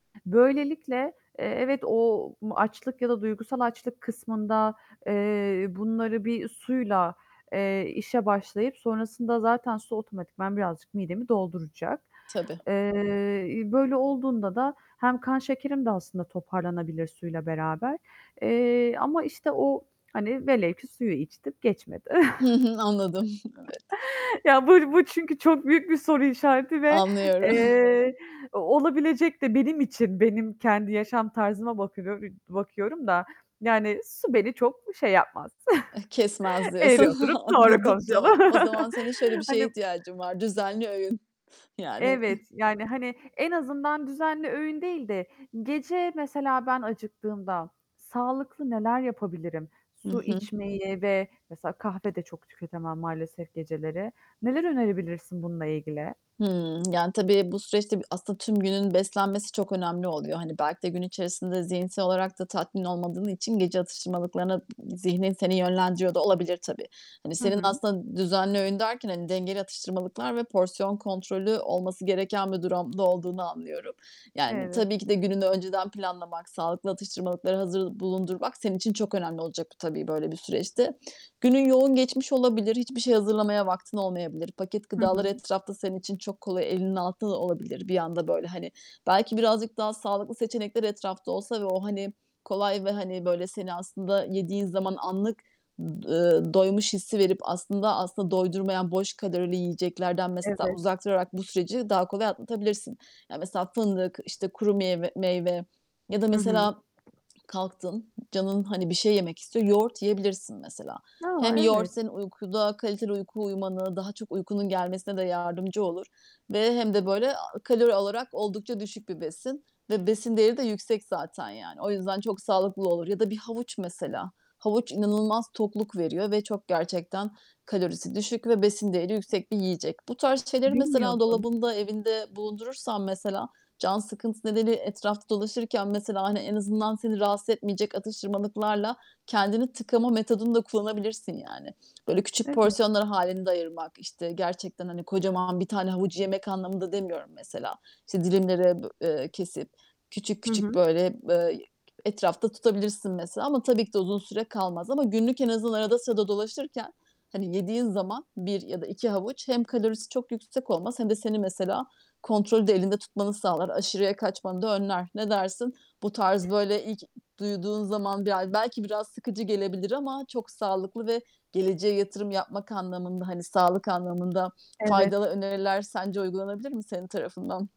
Böylelikle, eee, evet o açlık ya da duygusal açlık kısmında, eee, bunları bir suyla, eee, işe başlayıp sonrasında zaten su otomatikman birazcık midemi dolduracak. Tabii. Eee, iii, böyle olduğunda da hem kan şekerim de aslında toparlanabilir suyla beraber. Eee, ama, işte, o, hani, velev ki suyu içtim, geçmedi. Hı hı, anladım. Evet. Ya, bu bu çünkü çok büyük bir soru işareti ve, Anlıyoru eee, o olabilecek de benim için, benim kendi yaşam tarzıma bakıyor iii, bakıyorum da yani su beni çok şey yapmaz. Eh, kesmez Eğri diyorsun. oturup doğru Anladım, konuşalım. tamam. O zaman senin şöyle bir şeye Hani ihtiyacın var: Düzenli öğün. Yani, ıh Evet, yani, hani, en azından düzenli öğün değil de gece mesela ben acıktığımda sağlıklı neler yapabilirim? Hı Su hı. içmeyi ve mesela kahve de çok tüketemem maalesef geceleri. Neler önerebilirsin bununla ilgili? Hımm. Yani tabii bu süreçte b aslında tüm günün beslenmesi çok önemli oluyor. Hani belki de gün içerisinde zihinsel olarak da tatmin olmadığın için gece atıştırmalıklarına d zihnin seni yönlendiriyor da olabilir tabii. Hani, Hı senin hı. aslında düzenli öğün derken, hani, dengeli atıştırmalıklar ve porsiyon kontrolü olması gereken bir durumda olduğunu anlıyorum. Yani, Evet. tabii ki de gününü önceden planlamak, sağlıklı atıştırmalıkları hazır bulundurmak senin için çok önemli olacak tabii böyle bir süreçte. Günün yoğun geçmiş olabilir, hiçbir şey hazırlamaya vaktin olmayabilir. Paket Hı hı gıdalar hı. etrafta senin için çok kolay, elinin altında da olabilir bir anda böyle, hani. Belki birazcık daha sağlıklı seçenekler etrafta olsa ve o, hani, kolay ve, hani, böyle seni aslında yediğin zaman anlık, ımm, ııı, doymuş hissi verip aslında, aslında doydurmayan boş kalorili yiyeceklerden mesela Evet. uzak durarak bu süreci daha kolay atlatabilirsin. Ya, mesela fındık, işte, kuru meyve meyve ya da Hı hı. mesela kalktın, canın, hani, bir şey yemek istiyor. Yoğurt yiyebilirsin mesela. A! Hem yoğurt Evet. senin uykuda kaliteli uyku uyumana, daha çok uykunun gelmesine de yardımcı olur ve hem de böyle a kalori olarak oldukça düşük bir besin ve besin değeri de yüksek zaten. Yani, o yüzden çok sağlıklı olur. Ya da bir havuç mesela. Havuç inanılmaz tokluk veriyor ve çok, gerçekten kalorisi düşük ve besin değeri yüksek bir yiyecek. Bu tarz şeyleri mesela Bilmiyordum. dolabında, evinde bulundurursan, mesela, can sıkıntısı nedeniyle etrafta dolaşırken, mesela, hani, en azından seni rahatsız etmeyecek atıştırmalıklarla kendini tıkama metodunu da kullanabilirsin yani. Böyle küçük Evet. porsiyonlar hâlinde ayırmak, işte, gerçekten, hani, kocaman 1 tane havucu yemek anlamında demiyorum mesela. İşte dilimlere, b eee, kesip küçük, Hı küçük hı. böyle, eee, etrafta tutabilirsin mesela. Ama tabii ki de uzun süre kalmaz. Ama günlük en azından arada sırada dolaşırken, hani, yediğin zaman 1 ya da 2 havuç hem kalorisi çok yüksek olmaz hem de seni mesela kontrolü de elinde tutmanı sağlar. Aşırıya kaçmanı da önler. Ne dersin? Bu tarz, böyle ilk duyduğun zaman bi a belki biraz sıkıcı gelebilir ama çok sağlıklı ve geleceğe yatırım yapmak anlamında, hani, sağlık anlamında Evet. faydalı öneriler sence uygulanabilir mi senin tarafından?